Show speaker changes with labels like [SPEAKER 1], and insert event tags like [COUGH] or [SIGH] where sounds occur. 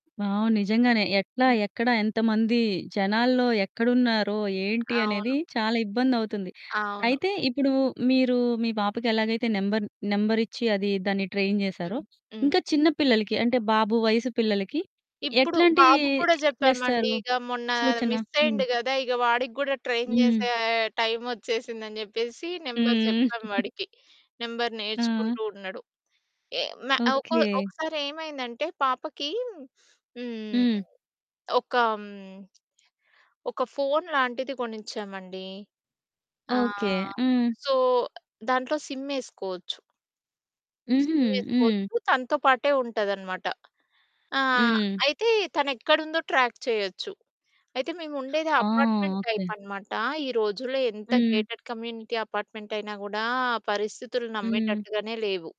[SPEAKER 1] Wow! నిజంగానే ఎట్లా,
[SPEAKER 2] హ్మ్.
[SPEAKER 1] ఎక్కడ ఎంతమంది జనాల్లో
[SPEAKER 2] అవును.
[SPEAKER 1] ఎక్కడున్నారో, ఏంటి అనేది
[SPEAKER 2] అవును.
[SPEAKER 1] చాలా ఇబ్బందవుతుంది.
[SPEAKER 2] అవును.
[SPEAKER 1] అయితే ఇప్పుడు మీరు మీ పాపకి ఎలాగైతే నంబర్ నంబరిచ్చి అది దాన్ని ట్రైన్ చేసారో,
[SPEAKER 2] హ్మ్, హ్మ్.
[SPEAKER 1] ఇంక చిన్న పిల్లలకి అంటే బాబు వయస్సు పిల్లలకి
[SPEAKER 2] ఇప్పుడు
[SPEAKER 1] ఎట్లాంటి
[SPEAKER 2] బాబుకి కూడా చెప్పామండి
[SPEAKER 1] చేస్తారు?
[SPEAKER 2] ఇక మొన్న
[SPEAKER 1] సూచన? హ్మ్.
[SPEAKER 2] మిస్సయ్యిండు గదా! ఇగ వాడికి కూడా ట్రైన్
[SPEAKER 1] హ్మ్.
[SPEAKER 2] చేసే టైమొచ్చేసిందని చెప్పేసి, నెంబరు
[SPEAKER 1] హ్మ్.
[SPEAKER 2] చెప్పాం వాడికి. నెంబరు
[SPEAKER 1] [GIGGLES] ఆ!
[SPEAKER 2] నేర్చుకుంటూ ఉన్నాడు. ఎ మే ఒకొ
[SPEAKER 1] ఓకే.
[SPEAKER 2] ఒకసారి ఏమైందంటే పాపకి హ్మ్,
[SPEAKER 1] హ్మ్.
[SPEAKER 2] ఒకా హ్మ్, ఒక ఫోను లాంటిది కొనిచ్చామండి.
[SPEAKER 1] ఓకే.
[SPEAKER 2] ఆహ్,
[SPEAKER 1] హ్మ్.
[SPEAKER 2] సో, దాంట్లో సిమ్మేసుకోచ్చు.
[SPEAKER 1] హుహు. హ్మ్.
[SPEAKER 2] సిమ్మేసుకోచ్చు. తనతో పాటే ఉంటదన్నమాట. ఆ!
[SPEAKER 1] హ్మ్.
[SPEAKER 2] అయితే తను ఎక్కడుందో ట్రాక్ చేయొచ్చు. అయితే మేము ఉండేది
[SPEAKER 1] ఆ!
[SPEAKER 2] Apartment
[SPEAKER 1] okay.
[SPEAKER 2] టైపన్నమాట. ఈ రోజుల్లో ఎంత
[SPEAKER 1] హ్మ్.
[SPEAKER 2] గేటెడ్ కమ్యూనిటీ అపార్ట్మెంటైన గూడా పరిస్థితులు
[SPEAKER 1] హ్మ్.
[SPEAKER 2] నమ్మేటట్టుగానే లేవు.